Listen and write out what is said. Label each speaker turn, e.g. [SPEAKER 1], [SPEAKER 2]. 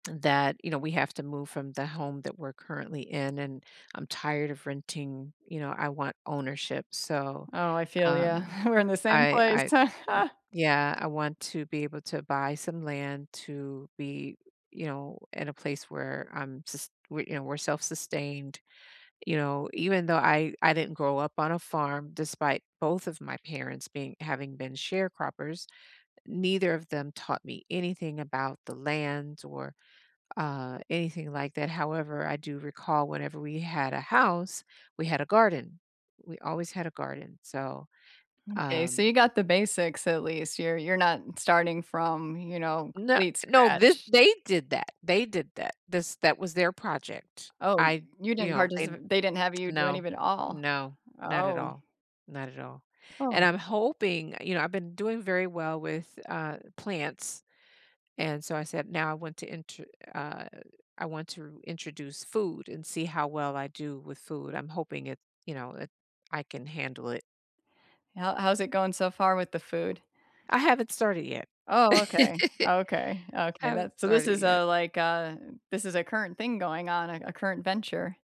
[SPEAKER 1] That, you know, we have to move from the home that we're currently in, and I'm tired of renting, you know, I want ownership, so,
[SPEAKER 2] Oh, I feel you,
[SPEAKER 1] um,
[SPEAKER 2] we're in the same
[SPEAKER 1] I
[SPEAKER 2] place.
[SPEAKER 1] I yeah, I want to be able to buy some land to be, you know, in a place where I'm sus we you know, we're self-sustained, you know, even though I I didn't grow up on a farm despite both of my parents being having been sharecroppers, neither of them taught me anything about the land or, uh, anything like that, however, I do recall whenever we had a house, we had a garden. We always had a garden, so,
[SPEAKER 2] M’kay, so
[SPEAKER 1] um
[SPEAKER 2] you got the basics at least, you're you're not starting from, you know,
[SPEAKER 1] N
[SPEAKER 2] complete
[SPEAKER 1] no, this
[SPEAKER 2] scratch.
[SPEAKER 1] they did that, they did that, this that was their project,
[SPEAKER 2] Oh,
[SPEAKER 1] I
[SPEAKER 2] you
[SPEAKER 1] you
[SPEAKER 2] didn't
[SPEAKER 1] know, they
[SPEAKER 2] participate they didn't have you do any
[SPEAKER 1] No
[SPEAKER 2] of it all.
[SPEAKER 1] no, not at
[SPEAKER 2] Oh.
[SPEAKER 1] all not at all, and
[SPEAKER 2] Oh.
[SPEAKER 1] I'm hoping you know, I've been doing very well with, uh, plants, and so I said, “Now I want to enter “uh, “I want to introduce food and see how well I do with food.” I'm hoping it you know, that I can handle it.
[SPEAKER 2] How how's it going so far with the food?
[SPEAKER 1] I haven't started yet.
[SPEAKER 2] Oh, okay, okay, okay,
[SPEAKER 1] Haven't
[SPEAKER 2] that so this
[SPEAKER 1] started
[SPEAKER 2] is
[SPEAKER 1] yet.
[SPEAKER 2] a like a this is a current thing going on, a a current venture.